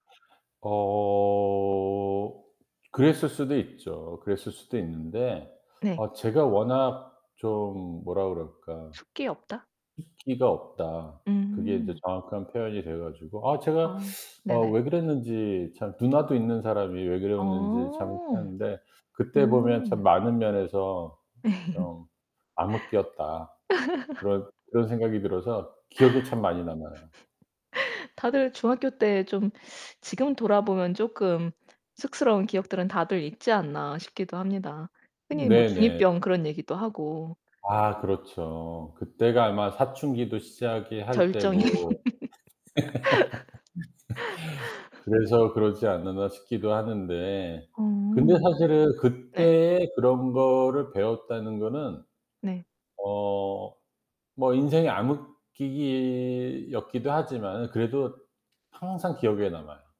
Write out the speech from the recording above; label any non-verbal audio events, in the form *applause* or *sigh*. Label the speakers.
Speaker 1: 어 어 그랬을 수도 있죠. 그랬을 수도 있는데
Speaker 2: 네.
Speaker 1: 어 제가 워낙 좀 뭐라 그럴까.
Speaker 2: 숫기 없다?
Speaker 1: "숫기가 없다." 그게 인제
Speaker 2: 음.
Speaker 1: 정확한 표현이 돼 가지고 아 제가
Speaker 2: 어
Speaker 1: 어
Speaker 2: 네네.
Speaker 1: 왜 그랬는지 참 누나도 있는 사람이 왜 그랬는지 참 그렇긴
Speaker 2: 어.
Speaker 1: 한데 그때 보면 참
Speaker 2: 어.
Speaker 1: 많은 면에서 좀 암흑기였다.
Speaker 2: *laughs*
Speaker 1: 그런 그런 생각이 들어서 기억에 참 많이 남아요.
Speaker 2: *laughs* 다들 중학교 때 좀 지금 돌아보면 쪼끔 쑥스러운 기억들은 다들 있지 않나 싶기도 합니다. 흔히 뭐 중 2
Speaker 1: 네네.
Speaker 2: 병 그런 얘기도 하고.
Speaker 1: 아 그렇죠. 그때가 아마 사춘기도 시작이 할
Speaker 2: 절정이.
Speaker 1: 때고 *laughs*
Speaker 2: *laughs*
Speaker 1: '그래서 그러지 않았나?' 싶기도 하는데 근데
Speaker 2: 음.
Speaker 1: 사실은
Speaker 2: 네.
Speaker 1: 그때에 그런 거를 배웠다는 거는
Speaker 2: 네.
Speaker 1: 어 뭐 인생의 암흑기기 였기도 하지만 그래도 항상 기억에 남아요.